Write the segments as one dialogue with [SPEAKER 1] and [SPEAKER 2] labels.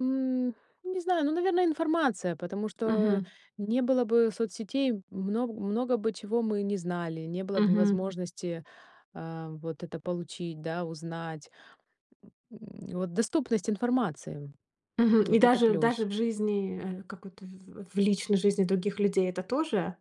[SPEAKER 1] М, не знаю, ну, наверно, информация, потому что
[SPEAKER 2] Мгм.
[SPEAKER 1] н не было бы соцсетей, много много бы чего мы не знали, не было бы
[SPEAKER 2] Мгм.
[SPEAKER 1] возможности, э, вот это получить, да, узнать. М, вот доступность информации.
[SPEAKER 2] Мгм, и
[SPEAKER 1] Вот это
[SPEAKER 2] даже даже
[SPEAKER 1] плюс.
[SPEAKER 2] в жизни, э, как это, в в личной жизни других людей это тоже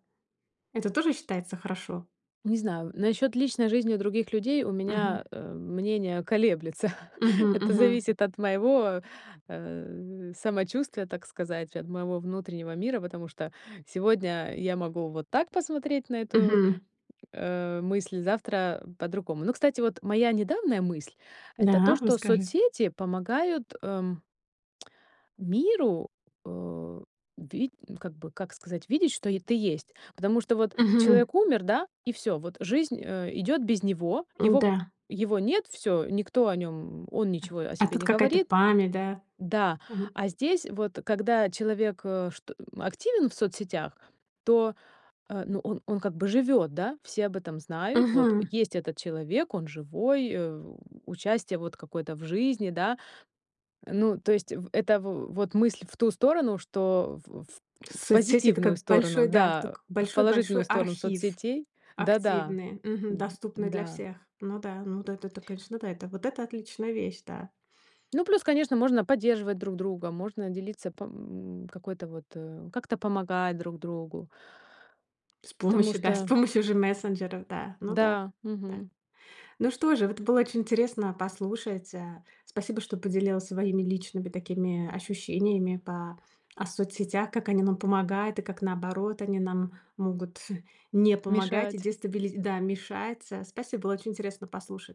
[SPEAKER 2] это тоже считается хорошо?
[SPEAKER 1] Не знаю, насчёт личной жизни других людей у
[SPEAKER 2] Мгм.
[SPEAKER 1] меня, э, мнение колеблется.
[SPEAKER 2] Мгм
[SPEAKER 1] Это
[SPEAKER 2] мгм.
[SPEAKER 1] зависит от моего, э, самочувствия, так сказать, от моего внутреннего мира, потому что сегодня, я могу вот так посмотреть на эту,
[SPEAKER 2] Мгм.
[SPEAKER 1] э, мысль, завтра по-другому. Ну, кстати, вот моя недавняя мысль это то,
[SPEAKER 2] Да,
[SPEAKER 1] что
[SPEAKER 2] расскажи.
[SPEAKER 1] соцсети помогают, эм миру, э, ви как бы, как сказать, видеть, что е ты есть. Потому что вот
[SPEAKER 2] Мгм.
[SPEAKER 1] человек умер, да, и всё, вот жизнь, э, идёт без него, его
[SPEAKER 2] М-да.
[SPEAKER 1] его нет, всё, никто о нём, м он
[SPEAKER 2] А.
[SPEAKER 1] ничего о
[SPEAKER 2] А
[SPEAKER 1] себе
[SPEAKER 2] тут
[SPEAKER 1] не
[SPEAKER 2] какая-то
[SPEAKER 1] говорит.
[SPEAKER 2] память, да?
[SPEAKER 1] Да,
[SPEAKER 2] Мгм.
[SPEAKER 1] а здесь вот, когда человек, э, что, э, активен в соцсетях, то, э, ну, он он как бы живёт, да, все об этом знают. Вот
[SPEAKER 2] Мгм.
[SPEAKER 1] есть этот человек, он живой, э, участие вот какое-то в жизни, да. Ну, то есть в это, в вот мысль в ту сторону, что в в
[SPEAKER 2] Соцсети- это
[SPEAKER 1] позитивную
[SPEAKER 2] как
[SPEAKER 1] сторону,
[SPEAKER 2] большой, да,
[SPEAKER 1] да,
[SPEAKER 2] так
[SPEAKER 1] в
[SPEAKER 2] большой-большой
[SPEAKER 1] положительную сторону
[SPEAKER 2] архив,
[SPEAKER 1] соцсетей Да-да,
[SPEAKER 2] активный. Мгм.
[SPEAKER 1] м,
[SPEAKER 2] Доступный для
[SPEAKER 1] да.
[SPEAKER 2] всех. Ну да, ну эт эт это конечно, да, вот это отличная вещь, да.
[SPEAKER 1] Ну плюс, конечно, можно поддерживать друг друга, можно делиться по, м какой-то вот, э, как-то помогать друг другу.
[SPEAKER 2] С
[SPEAKER 1] Потому
[SPEAKER 2] помощью, да, с
[SPEAKER 1] что
[SPEAKER 2] помощью же мессенджеров, да, ну да,
[SPEAKER 1] Да,
[SPEAKER 2] да.
[SPEAKER 1] мгм.
[SPEAKER 2] Ну что же вот было очень интересно послушать, а. Спасибо что поделилась своими личными такими, ощущениями по о соцсетях, как они нам помогают и как, наоборот, они нам могут не помогать и
[SPEAKER 1] Мешать.
[SPEAKER 2] дестабили да, мешать, а. Спасибо, было очень интересно послушать.